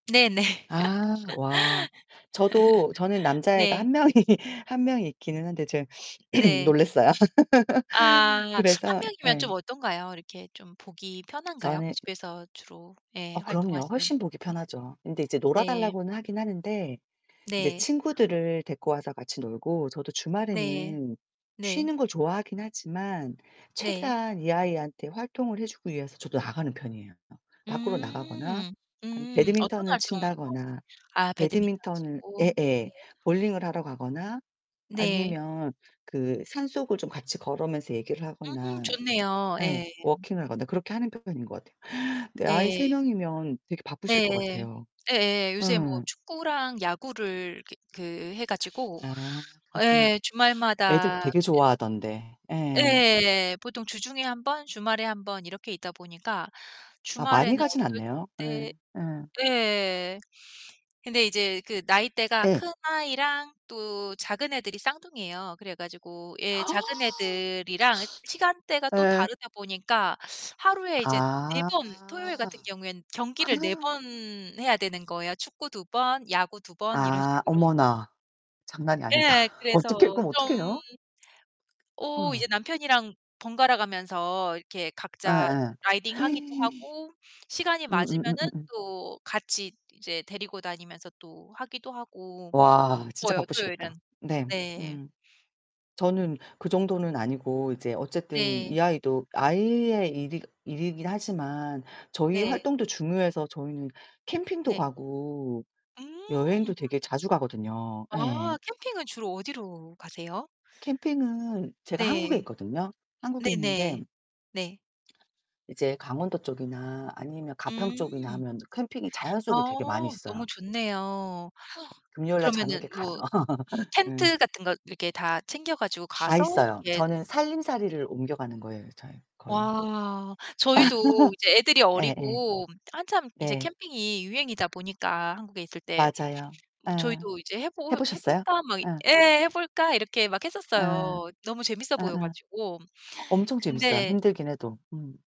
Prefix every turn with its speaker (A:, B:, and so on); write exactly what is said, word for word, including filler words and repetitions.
A: 네네.
B: 아 와 저도 저는 남자애가
A: 네.
B: 한 명이 한 명이 있기는 한데 좀
A: 네.
B: 놀랐어요.
A: 아, 한
B: 그래서
A: 명이면 좀
B: 예.
A: 어떤가요? 이렇게 좀 보기 편한가요?
B: 저는
A: 집에서 주로 예
B: 어 그럼요.
A: 활동하시는.
B: 훨씬 보기
A: 네.
B: 편하죠. 근데 이제
A: 네.
B: 놀아달라고는 하긴 하는데 이제
A: 네.
B: 친구들을 데리고 와서 같이 놀고 저도
A: 네.
B: 주말에는
A: 네.
B: 쉬는 걸 좋아하긴 하지만
A: 네.
B: 최대한 이 아이한테 활동을 해 주기 위해서 저도 나가는 편이에요. 밖으로 나가거나
A: 음
B: 아니면
A: 음, 어떤
B: 배드민턴을
A: 활동?
B: 친다거나,
A: 아 배드민턴
B: 배드민턴을
A: 치고.
B: 예
A: 네.
B: 예 볼링을 하러 가거나
A: 네.
B: 아니면 그 산속을 좀 같이 걸으면서 얘기를
A: 음
B: 하거나
A: 좋네요.
B: 예
A: 예.
B: 워킹을 하거나 그렇게 하는 편인 것 같아요. 아이 세
A: 네.
B: 명이면 되게 바쁘실 것
A: 네,
B: 같아요.
A: 예예 요새 뭐
B: 예.
A: 축구랑 야구를 기 그 해 가지고
B: 아, 그렇구나.
A: 예,
B: 애들
A: 주말마다
B: 되게
A: 주
B: 좋아하던데. 예.
A: 예. 보통 주중에 한 번, 주말에 한 번 이렇게 있다 보니까
B: 아 많이
A: 주말에는
B: 가진
A: 어떨
B: 않네요. 예
A: 때
B: 예.
A: 예. 근데 이제 그 나이대가
B: 예.
A: 큰 아이랑 또 작은 애들이 쌍둥이예요. 그래 가지고 예, 작은 애들이랑 시간대가 또
B: 예.
A: 다르다 보니까 하루에 이제 네
B: 아.
A: 번 토요일 같은 경우에는 경기를 네 번 해야 되는 거예요. 축구 두 번, 야구 두 번 이런
B: 아
A: 식으로.
B: 어머나 장난이 아니다.
A: 예, 그래서
B: 어떻게 그럼
A: 좀
B: 어떡해요?
A: 어
B: 어.
A: 이제 남편이랑 번갈아가면서 이렇게
B: 예
A: 각자
B: 예.
A: 라이딩 하기도 하고 시간이 맞으면은
B: 음음음음음.
A: 또 같이 이제 데리고 다니면서 또 하기도 하고.
B: 와 진짜
A: 바빠요, 토요일은.
B: 바쁘시겠다. 네.
A: 네.
B: 음. 저는 그 정도는 아니고 이제 어쨌든
A: 네.
B: 이 아이도 아이의 일이 일이긴 하지만 저희
A: 네.
B: 활동도 중요해서 저희는 캠핑도
A: 네.
B: 가고
A: 음.
B: 여행도 되게 자주 가거든요. 예.
A: 아 캠핑은 주로 어디로 가세요?
B: 캠핑은 제가 한국에
A: 네.
B: 있거든요. 한국에 있는데
A: 네네 네.
B: 이제 강원도 쪽이나 아니면 가평 쪽이나
A: 음.
B: 하면 캠핑이 자연
A: 아,
B: 속에 되게 많이 있어요.
A: 너무 좋네요.
B: 금요일 날 저녁에
A: 그러면은
B: 가요.
A: 뭐
B: 응.
A: 텐트 같은 거 이렇게 다 챙겨 가지고
B: 다
A: 가서
B: 있어요.
A: 이렇게 이
B: 저는 살림살이를 옮겨가는 거예요. 저의 거의.
A: 와, 저희도 이제 애들이
B: 예 예.
A: 어리고 한참 이제
B: 네.
A: 캠핑이 유행이다 보니까 한국에 있을 때.
B: 맞아요. 예.
A: 저희도 이제 "해
B: 해
A: 볼 해
B: 보셨어요?
A: 볼까?" 막
B: 예.
A: 예 "해 볼까?" 이렇게 막 했었어요.
B: 예예.
A: 너무 재밌어 보여 가지고.
B: 엄청 재밌어요
A: 근데
B: 힘들긴 해도. 음.